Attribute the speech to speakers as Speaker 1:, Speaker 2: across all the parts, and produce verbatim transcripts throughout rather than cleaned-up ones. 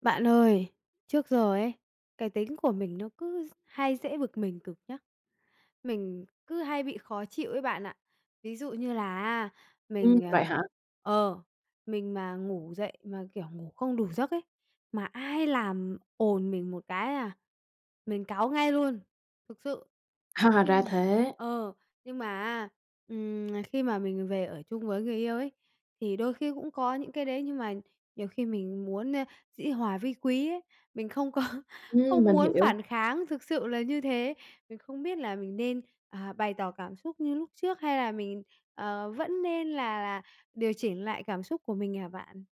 Speaker 1: Bạn ơi, trước giờ ấy, cái tính của mình nó cứ d hay dễ bực mình cực nhá. Mình cứ hay bị khó chịu ấy bạn ạ. Ví dụ như là á,
Speaker 2: Ừm,
Speaker 1: mình,
Speaker 2: vậy
Speaker 1: ờ,
Speaker 2: hả?
Speaker 1: ờ, mình mà ngủ dậy mà, kiểu, ngủ không đủ giấc ấy, mà ai làm ồn mình một cái, a, mình cáu ngay luôn, thực sự.
Speaker 2: Ha,
Speaker 1: Nhưng
Speaker 2: ra
Speaker 1: mà,
Speaker 2: thế.
Speaker 1: ờ, nhưng mà á, ừm, nà khi mà mình về ở chung với người yêu ấy thì đôi khi cũng có những cái đấy, nhưng mà nhiều khi mình muốn, ơ, dĩ hòa vi quý ấy, mình không có
Speaker 2: Ừm,
Speaker 1: không
Speaker 2: mình
Speaker 1: muốn
Speaker 2: hiểu.
Speaker 1: phản kháng, thực sự là như thế. Mình không biết là mình nên, à, bày tỏ cảm xúc như lúc trước hay là mình, ờ, vẫn nên là là điều chỉnh lại cảm xúc của mình hả bạn?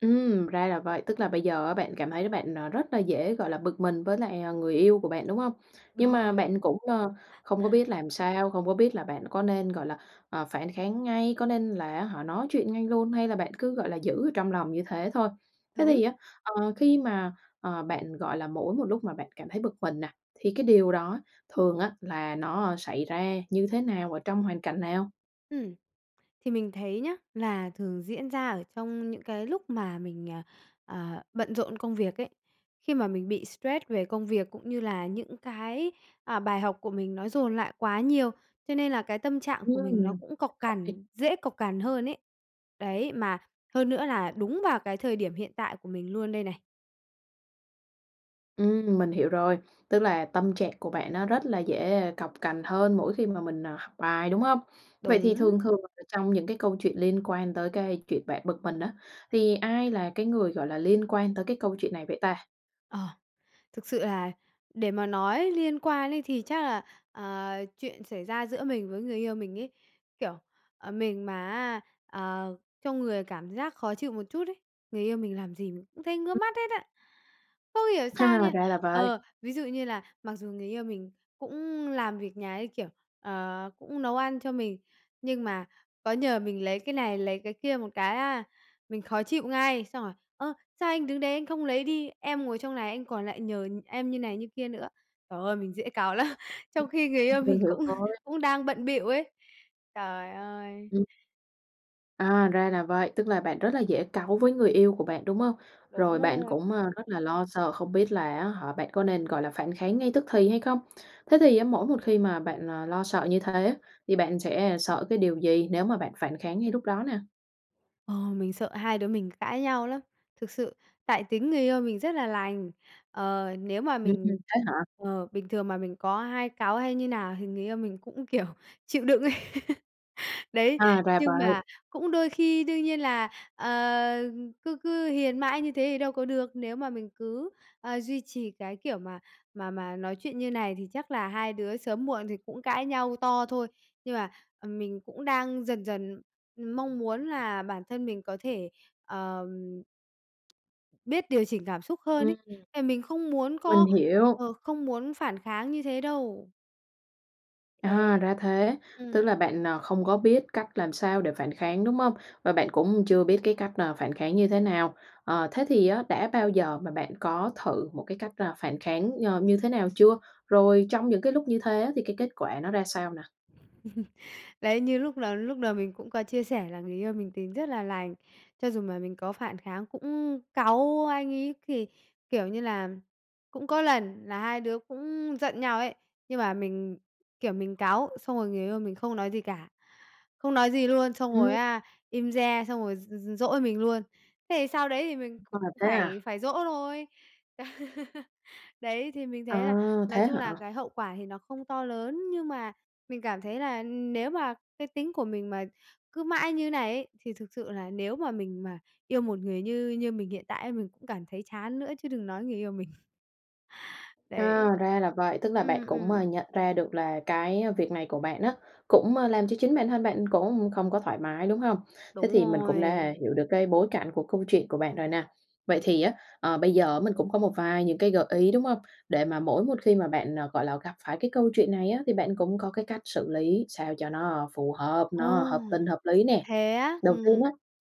Speaker 2: Ừm, ra là vậy, tức là bây giờ á bạn cảm thấy là bạn, ờ, rất là dễ, gọi là, bực mình với lại, ờ, người yêu của bạn, đúng hông? Nhưng
Speaker 1: Đúng
Speaker 2: mà
Speaker 1: rồi.
Speaker 2: bạn cũng, ờ, không có biết làm sao, không có biết là bạn có nên, gọi là, ờ, phản kháng ngay, có nên là, á hả, nói chuyện ngay luôn hay là bạn cứ, gọi là, giữ ở trong lòng như thế thôi. Thế
Speaker 1: Đúng.
Speaker 2: thì á, ờ, khi mà, ờ, bạn, gọi là, mỗi một lúc mà bạn cảm thấy bực mình nè thì cái điều đó thường á là nó xảy ra như thế nào, ở trong hoàn cảnh nào?
Speaker 1: Ừm. Thì mình thấy nhá, là thường diễn ra ở trong những cái lúc mà mình, ờ, ờ, bận rộn công việc ấy, khi mà mình bị stress về công việc, cũng như là những cái, à, bài học của mình nó dồn lại quá nhiều, cho nên là cái tâm trạng của mình nó
Speaker 2: Ừm,
Speaker 1: cũng cộc
Speaker 2: [unintelligible]
Speaker 1: cằn, dễ cộc cằn hơn ấy. Đấy, mà hơn nữa là đúng vào cái thời điểm hiện tại của mình luôn đây này.
Speaker 2: Ừm, mình hiểu rồi. Tức là tâm trạng của bạn nó rất là dễ cộc cằn hơn mỗi khi mà mình, à, học bài, đúng hông? Vậy thì
Speaker 1: Đúng.
Speaker 2: thường thường ở trong những cái câu chuyện liên quan tới cái chuyện bạn bực mình á, thì ai là cái người, gọi là, liên quan tới cái câu chuyện này vậy ta?
Speaker 1: Ờ, thực sự là để mà nói liên quan ấy thì chắc là, ờ, chuyện xảy ra giữa mình với người yêu mình ấy, kiểu, ờ, mình mà á, à, trong người cảm giác khó chịu một chút ấy, người yêu mình làm gì mình cũng thấy ngứa
Speaker 2: Ừm.
Speaker 1: mắt hết á, không hiểu sao nha.
Speaker 2: Ra là vậy.
Speaker 1: Ờ, ví dụ như là mặc dù người yêu mình cũng làm việc nhà ấy, kiểu, ờ, cũng nấu ăn cho mình, nhưng mà có nhờ mình lấy cái này, lấy cái kia một cái á, mình khó chịu ngay, xong rồi: "Ơ, sao anh đứng đấy anh không lấy đi? Em ngồi trong này anh còn lại nhờ em như này như kia nữa." Trời ơi, mình dễ cáu lắm,
Speaker 2: Ừm.
Speaker 1: trong khi người yêu
Speaker 2: Ừm, mình
Speaker 1: mình
Speaker 2: hiểu
Speaker 1: cũng
Speaker 2: rồi.
Speaker 1: cũng đang bận bịu ấy. Trời ơi!
Speaker 2: Ừm. À, ra là vậy, tức là bạn rất là dễ cáu với người yêu của bạn, đúng không?
Speaker 1: Đúng
Speaker 2: Rồi bạn
Speaker 1: rồi.
Speaker 2: cũng, à, rất là lo sợ, không biết là á hả bạn có nên, gọi là, phản kháng ngay tức thì hay không. Thế thì á mỗi một khi mà bạn, ờ, lo sợ như thế, thì bạn sẽ sợ cái điều gì nếu mà bạn phản kháng ngay lúc đó nè?
Speaker 1: Ờ, mình sợ hai đứa mình cãi nhau lắm, thực sự, tại tính người yêu mình rất là lành. Ờ, nếu mà
Speaker 2: Ừm,
Speaker 1: mình
Speaker 2: thế hả?
Speaker 1: ờ, bình thường mà mình có hai cáu hay như nào thì người yêu mình cũng, kiểu, chịu đựng ấy. Đấy,
Speaker 2: À, ra
Speaker 1: nhưng
Speaker 2: vậy.
Speaker 1: mà cũng đôi khi đương nhiên là, ờ, cứ cứ hiền mãi như thế thì đâu có được. Nếu mà mình cứ, ờ, duy trì cái kiểu mà mà mà nói chuyện như này thì chắc là hai đứa sớm muộn thì cũng cãi nhau to thôi. Nhưng mà, ừm, mình cũng đang dần dần mong muốn là bản thân mình có thể, ờ, biết điều chỉnh cảm xúc hơn
Speaker 2: Ừm.
Speaker 1: ấy, tại mình không muốn
Speaker 2: Mình
Speaker 1: có
Speaker 2: hiểu.
Speaker 1: ờ, không muốn phản kháng như thế đâu. Đấy.
Speaker 2: À, ra thế, tức
Speaker 1: Ừm.
Speaker 2: là bạn, ờ, không có biết cách làm sao để phản kháng, đúng hông? Và bạn cũng chưa biết cái cách, à, phản kháng như thế nào. Ờ, thế thì á, đã bao giờ mà bạn có thử một cái cách, à, phản kháng, ờ, như thế nào chưa? Rồi trong những cái lúc như thế á, thì cái kết quả nó ra sao nè?
Speaker 1: Đấy, như lúc lầu lúc đầu mình cũng có chia sẻ là người yêu mình tính rất là lành, cho dù mà mình có phản kháng, cũng cáu anh ấy thì kiểu như là, cũng có lần là hai đứa cũng giận nhau ấy, nhưng mà mình, kiểu, mình cáu xong rồi người yêu mình không nói gì cả, không nói gì luôn, xong rồi,
Speaker 2: Ừm.
Speaker 1: á, im re, xong rồi d d dỗi mình luôn. Thế thì sau đấy thì mình
Speaker 2: À,
Speaker 1: cũng
Speaker 2: thế
Speaker 1: phải
Speaker 2: à?
Speaker 1: phải dỗ thôi. Đấy, thì mình
Speaker 2: À,
Speaker 1: thấy là nói
Speaker 2: thế
Speaker 1: chung
Speaker 2: hả?
Speaker 1: là cái hậu quả thì nó không to lớn, nhưng mà mình cảm thấy là nếu mà cái tính của mình mà cứ mãi như này ấy, thì thực sự là nếu mà mình mà yêu một người như như mình hiện tại mình cũng cảm thấy chán nữa chứ đừng nói người yêu mình.
Speaker 2: À,
Speaker 1: Đấy.
Speaker 2: ra là vậy, tức là bạn
Speaker 1: Ừm,
Speaker 2: cũng,
Speaker 1: ừm.
Speaker 2: ờ, nhận ra được là cái việc này của bạn á cũng, ơ, làm cho chính bản thân bạn cũng không có thoải mái, đúng hông? Thế
Speaker 1: Đúng
Speaker 2: thì mình cũng
Speaker 1: rồi.
Speaker 2: đã hiểu được cái bối cảnh của câu chuyện của bạn rồi nè. Vậy thì á, ờ, bây giờ á mình cũng có một vài những cái gợi ý, đúng hông? Để mà mỗi một khi mà bạn, gọi là, gặp phải cái câu chuyện này á thì bạn cũng có cái cách xử lý sao cho nó phù hợp,
Speaker 1: Ồ!
Speaker 2: nó hợp tình hợp lý nè.
Speaker 1: Thế á?
Speaker 2: Đầu tiên
Speaker 1: Ừm.
Speaker 2: á,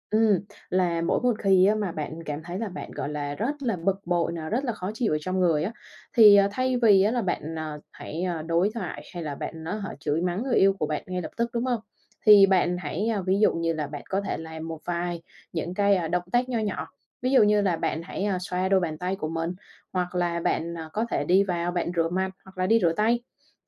Speaker 2: ừm, là mỗi một khi á mà bạn cảm thấy là bạn, gọi là, rất là bực bội nè, rất là khó chịu ở trong người á, thì, ờ, thay vì á là bạn, ờ, hãy, ờ, đối thoại hay là bạn, á hả, chửi mắng người yêu của bạn ngay lập tức, đúng hông? Thì bạn hãy, ơ, ví dụ như là bạn có thể làm một vài những cái động tác nho nhỏ, ví dụ như là bạn hãy, ơ, xoa đôi bàn tay của mình hoặc là bạn, ờ, có thể đi vào bạn rửa mặt hoặc là đi rửa tay.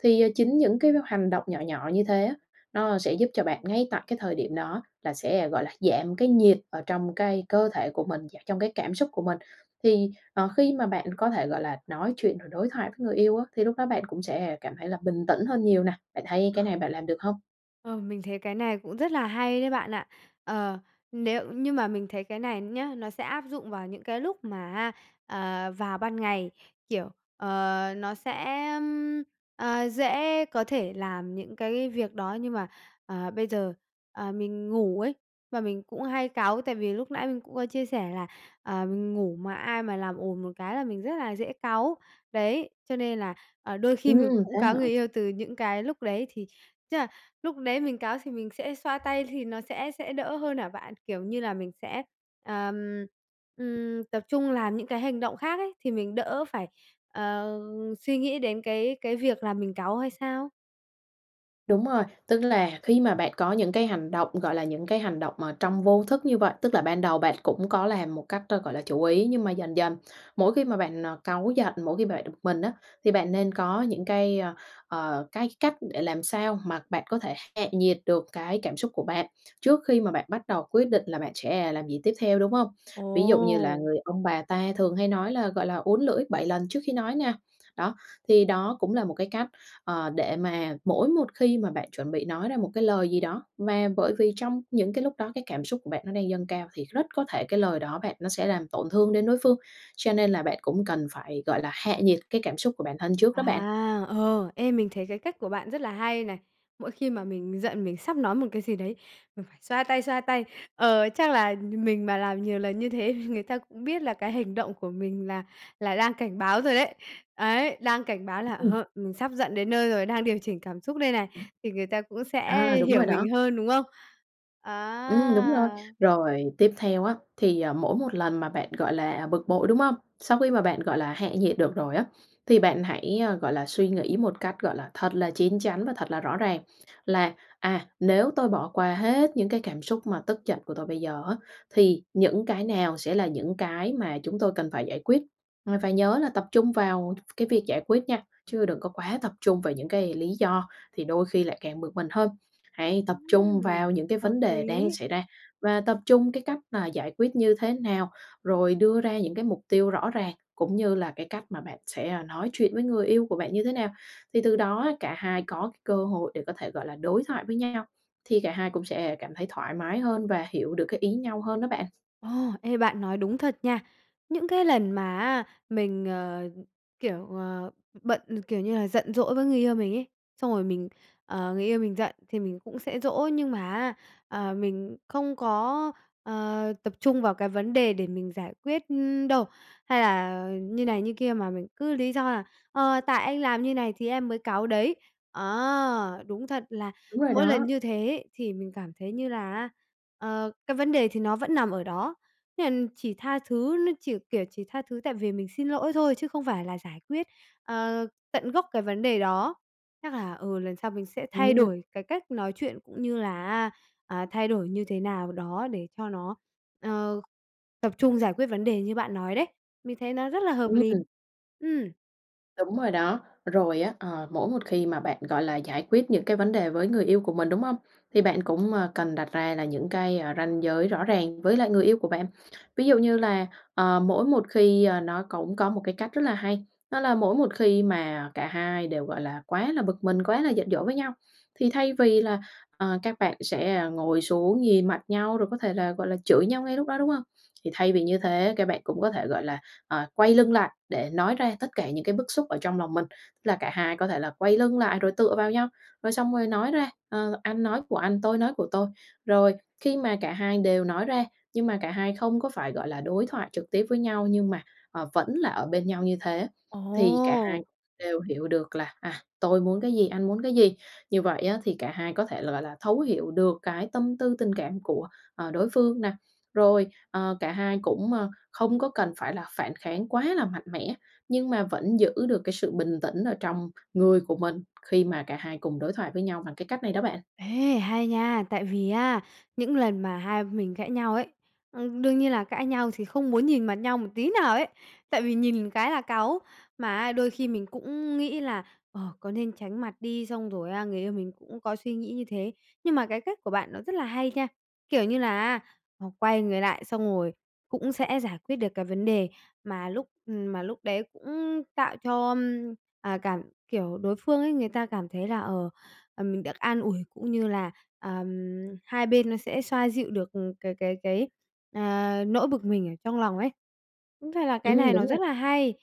Speaker 2: Thì, à, chính những cái h hành động nhỏ nhỏ như thế á, nó sẽ giúp cho bạn ngay tại cái thời điểm đó là sẽ, gọi là, giảm cái nhiệt ở trong cái cơ thể của mình và trong cái cảm xúc của mình. Thì, ờ, khi mà bạn có thể, gọi là, nói chuyện rồi đối thoại với người yêu á, thì lúc đó bạn cũng sẽ cảm thấy là bình tĩnh hơn nhiều nè. Bạn thấy
Speaker 1: Ờ.
Speaker 2: cái này bạn làm được hông?
Speaker 1: Ờm, mình thấy cái này cũng rất là hay đấy bạn ạ. Ờ, nếu nhưng mà mình thấy cái này nhá, nó sẽ áp dụng vào những cái lúc mà á, ờ, vào ban ngày, kiểu, ờ, nó sẽ, ưm, ờ, dễ có thể làm những cái việc đó. Nhưng mà, ờ, bây giờ, ờ, mình ngủ ấy và mình cũng hay cáu tại vì lúc nãy mình cũng có chia sẻ là, ờ, mình ngủ mà ai mà làm ồn một cái là mình rất là dễ cáu. Đấy, cho nên là, à, đôi khi mình
Speaker 2: Ừm,
Speaker 1: cũng
Speaker 2: thế
Speaker 1: cáu
Speaker 2: hả?
Speaker 1: người yêu từ những cái lúc đấy. Thì tức là lúc đấy mình cáu thì mình sẽ xoa tay thì nó sẽ sẽ đỡ hơn hả bạn? Kiểu như là, mình sẽ, ờm, ừm, tập trung làm những cái hành động khác ấy, thì mình đỡ phải, ờ, suy nghĩ đến cái cái việc là mình cáu hay sao?
Speaker 2: Đúng rồi. Tức là khi mà bạn có những cái hành động, gọi là, những cái hành động mà trong vô thức như vậy, tức là ban đầu bạn cũng có làm một cách, ơ, gọi là, chủ ý, nhưng mà dần dần mỗi khi mà bạn, ờ, cáu giận, mỗi khi bạn bực mình á, thì bạn nên có những cái, ơ, ờ, cái cách để làm sao mà bạn có thể hạ nhiệt được cái cảm xúc của bạn, trước khi mà bạn bắt đầu quyết định là bạn sẽ làm gì tiếp theo, đúng không? Ví dụ như là
Speaker 1: Ồ!
Speaker 2: người ông bà ta thường hay nói là, gọi là, "uốn lưỡi bảy lần trước khi nói" nè. Đó, thì đó cũng là một cái cách, ờ, để mà mỗi một khi mà bạn chuẩn bị nói ra một cái lời gì đó, mà bởi vì trong những cái lúc đó cái cảm xúc của bạn nó đang dâng cao thì rất có thể cái lời đó bạn nó sẽ làm tổn thương đến đối phương. Cho nên là bạn cũng cần phải, gọi là, hạ nhiệt cái cảm xúc của bản thân trước đó bạn.
Speaker 1: À, ừ. Ê, mình thấy cái cách của bạn rất là hay này. Mỗi khi mà mình giận mình sắp nói một cái gì đấy, mình phải xoa tay, xoa tay. Ờ, chắc là nh mình mà làm nhiều lần như thế thì người ta cũng biết là cái hành động của mình là là đang cảnh báo rồi đấy. Đấy, đang cảnh báo là,
Speaker 2: Ừm.
Speaker 1: ờ, mình sắp giận đến nơi rồi, đang điều chỉnh cảm xúc đây này.
Speaker 2: Ừm.
Speaker 1: Thì người ta cũng sẽ
Speaker 2: À, đúng
Speaker 1: hiểu
Speaker 2: rồi đó.
Speaker 1: mình hơn, đúng không?
Speaker 2: Ừm, đúng rồi.
Speaker 1: À!
Speaker 2: Rồi tiếp theo á thì, à, mỗi một lần mà bạn, gọi là, bực bội, đúng không? Sau khi mà bạn, gọi là, hạ nhiệt được rồi á, thì bạn hãy, a, gọi là, suy nghĩ một cách, gọi là, thật là chín chắn và thật là rõ ràng là "À, nếu tôi bỏ qua hết những cái cảm xúc mà tức giận của tôi bây giờ á, thì những cái nào sẽ là những cái mà chúng tôi cần phải giải quyết?". Và phải nhớ là tập trung vào đ cái việc giải quyết nha, chứ đừng có quá tập trung vào những cái lý do thì đôi khi lại càng bực mình hơn. Hãy tập trung
Speaker 1: Ừm.
Speaker 2: vào những cái
Speaker 1: Hợp
Speaker 2: vấn đề đang
Speaker 1: lý.
Speaker 2: xảy ra và tập trung cái cách mà giải quyết như thế nào, rồi đưa ra những cái mục tiêu rõ ràng, cũng như là cái cách mà bạn sẽ, à, nói chuyện với người yêu của bạn như thế nào. Thì từ đó á cả hai có cái cơ hội để có thể, gọi là, đối thoại với nhau, thì cả hai cũng sẽ cảm thấy thoải mái hơn và hiểu được cái ý nhau hơn đó bạn.
Speaker 1: Ồ! Ê, bạn nói đúng thật nha. Những cái lần mà á mình, ờ, kiểu, ờ, bận, kiểu như là, giận dỗi với người yêu mình ấy, xong rồi mình ờ, người yêu mình giận thì mình cũng sẽ dỗ. Nhưng mà á, ờ, mình không có, ờ, tập trung vào cái vấn đề để mình giải quyết đâu, hay là như này, như kia mà mình cứ lý do là "Ờ, tại anh làm như này thì em mới cáu đấy". Ờ, đúng thật là
Speaker 2: Đúng rồi
Speaker 1: mỗi lần
Speaker 2: đó.
Speaker 1: như thế ấy thì mình cảm thấy như là á, ờ, cái vấn đề thì nó vẫn nằm ở đó. Nên là chỉ tha thứ, nó chỉ, kiểu, chỉ tha thứ, tại vì mình xin lỗi thôi chứ không phải là giải quyết, ờ, tận gốc cái vấn đề đó. Chắc là, ừ, lần sau mình sẽ thay
Speaker 2: Ừm.
Speaker 1: đổi cái cách nói chuyện cũng như là á, à, thay đổi như thế nào đó để cho nó, ờ, tập trung giải quyết vấn đề như bạn nói đấy. Mình thấy nó rất là hợp
Speaker 2: Ừm,
Speaker 1: lý.
Speaker 2: ừm.
Speaker 1: Ừm.
Speaker 2: Đúng rồi đó, rồi á, ờ, mỗi một khi mà bạn, gọi là, giải quyết những cái vấn đề với người yêu của mình, đúng hông? Thì bạn cũng, à, cần đặt ra là những cái, à, ranh giới rõ ràng với lại người yêu của bạn. Ví dụ như, ờ, mỗi một khi ờ, nó cũng có một cái cách rất là hay, đó là mỗi một khi mà cả hai đều, gọi là, quá là bực mình, quá là giận dỗi với nhau, thì thay vì là, ờ, các bạn sẽ, à, ngồi xuống nhìn mặt nhau, rồi có thể là, gọi là, chửi nhau ngay lúc đó, đúng hông? Thì thay vì như thế các bạn cũng có thể, gọi là, ờ, quay lưng lại để nói ra tất cả những cái bức xúc ở trong lòng mình, tức là cả hai có thể là quay lưng lại rồi tựa vào nhau, rồi xong rồi nói ra, ờ, anh nói của anh, tôi nói của tôi. Rồi, khi mà cả hai đều nói ra nhưng mà cả hai không có phải, gọi là, đối thoại trực tiếp với nhau nhưng mà, ờ, vẫn là ở bên nhau như thế thì cả
Speaker 1: Ồ!
Speaker 2: hai đều hiểu được là, à, tôi muốn cái gì, anh muốn cái gì. Như vậy á thì cả hai có thể, gọi là, thấu hiểu được cái tâm tư tình cảm của, ờ, đối phương nè, rồi, ờ, cả hai cũng, ờ, không có cần phải là phản kháng quá là mạnh mẽ, nhưng mà vẫn giữ được cái sự bình tĩnh ở trong người của mình khi mà cả hai cùng đối thoại với nhau bằng cái cách này đó bạn.
Speaker 1: Ê, hay nha, tại vì á, những lần mà hai mình cãi nhau ấy, ừm, đương nhiên là cãi nhau thì không muốn nhìn mặt nhau một tí nào ấy. Tại vì nhìn cái là cáu, mà á đôi khi mình cũng nghĩ là, ờ, có nên tránh mặt đi, xong rồi á người yêu mình cũng có suy nghĩ như thế. Nhưng mà cái cách của bạn nó rất là hay nha, kiểu như là á, à, quay người lại xong rồi cũng sẽ giải quyết được cái vấn đề mà lúc ừm, mà lúc đấy cũng tạo cho, ưm, à, cảm kiểu, đối phương ấy, người ta cảm thấy là, ờ, à, mình được an ủi cũng như là, ờm, hai bên nó sẽ xoa dịu được, ừm, cái cái cái, à, nỗi bực mình ở trong lòng ấy. Đúng ra là cái
Speaker 2: Ừm,
Speaker 1: này nó
Speaker 2: đúng
Speaker 1: rất
Speaker 2: nè.
Speaker 1: là hay,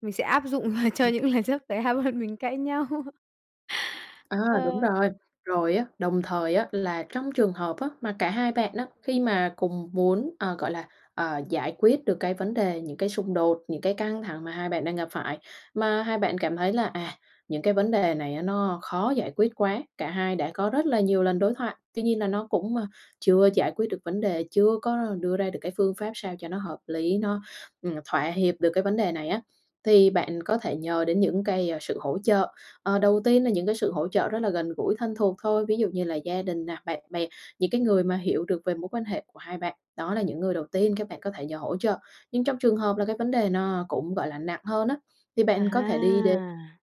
Speaker 1: mình sẽ áp dụng cho
Speaker 2: [unintelligible]
Speaker 1: những lần sắp tới hai bọn mình cãi nhau.
Speaker 2: À, đúng
Speaker 1: Ờ.
Speaker 2: rồi. Rồi á, đồng thời á là trong trường hợp á mà cả hai bạn á khi mà cùng muốn, ờ, gọi là, ờ, giải quyết được cái vấn đề những cái xung đột, những cái căng thẳng mà hai bạn đang gặp phải, mà hai bạn cảm thấy là, à, những cái vấn đề này á nó khó giải quyết quá, cả hai đã có rất là nhiều lần đối thoại, tuy nhiên là nó cũng, a, chưa giải quyết được vấn đề, chưa có đưa ra được cái phương pháp sao cho nó hợp lý nó, ừm, thỏa hiệp được cái vấn đề này á, thì bạn có thể nhờ đến những cái, a, sự hỗ trợ. Ờ, đầu tiên là những cái sự hỗ trợ rất là gần gũi thân thuộc thôi, ví dụ như là gia đình nè, bạn bè, những cái người mà hiểu được về mối quan hệ của hai bạn, đó là những người đầu tiên các bạn có thể nhờ hỗ trợ. Nhưng trong trường hợp là cái vấn đề nó cũng, gọi là, nặng hơn á, thì bạn có thể đi đến
Speaker 1: À.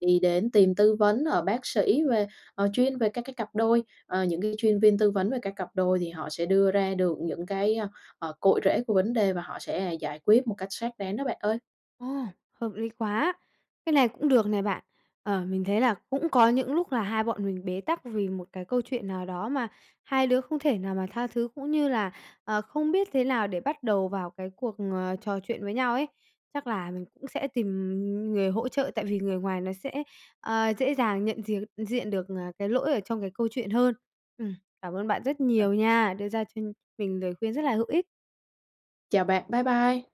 Speaker 2: đi đến tìm tư vấn ở bác sĩ về, ờ, chuyên về các cái cặp đôi, ờ, những cái chuyên viên tư vấn về các cặp đôi thì họ sẽ đưa ra được những cái, ơ, ờ, cội rễ của vấn đề và họ sẽ giải quyết một cách xác đáng đó bạn ơi.
Speaker 1: Ồ, hợp lý quá! Cái này cũng được này bạn. Ờ, mình thấy là cũng có những lúc là hai bọn mình bế tắc vì một cái câu chuyện nào đó mà hai đứa không thể nào mà tha thứ, cũng như là, ờ, không biết thế nào để bắt đầu vào cái cuộc, à, trò chuyện với nhau ấy. Chắc là mình cũng sẽ tìm, ừm, người hỗ trợ tại vì người ngoài nó sẽ, ờ, dễ dàng nhận diệc diện được, à, cái lỗi ở trong cái câu chuyện hơn. Ừm, cảm ơn bạn rất
Speaker 2: [unintelligible]
Speaker 1: nhiều nha, đưa ra cho mình lời khuyên rất là hữu ích.
Speaker 2: Chào bạn, bye bye.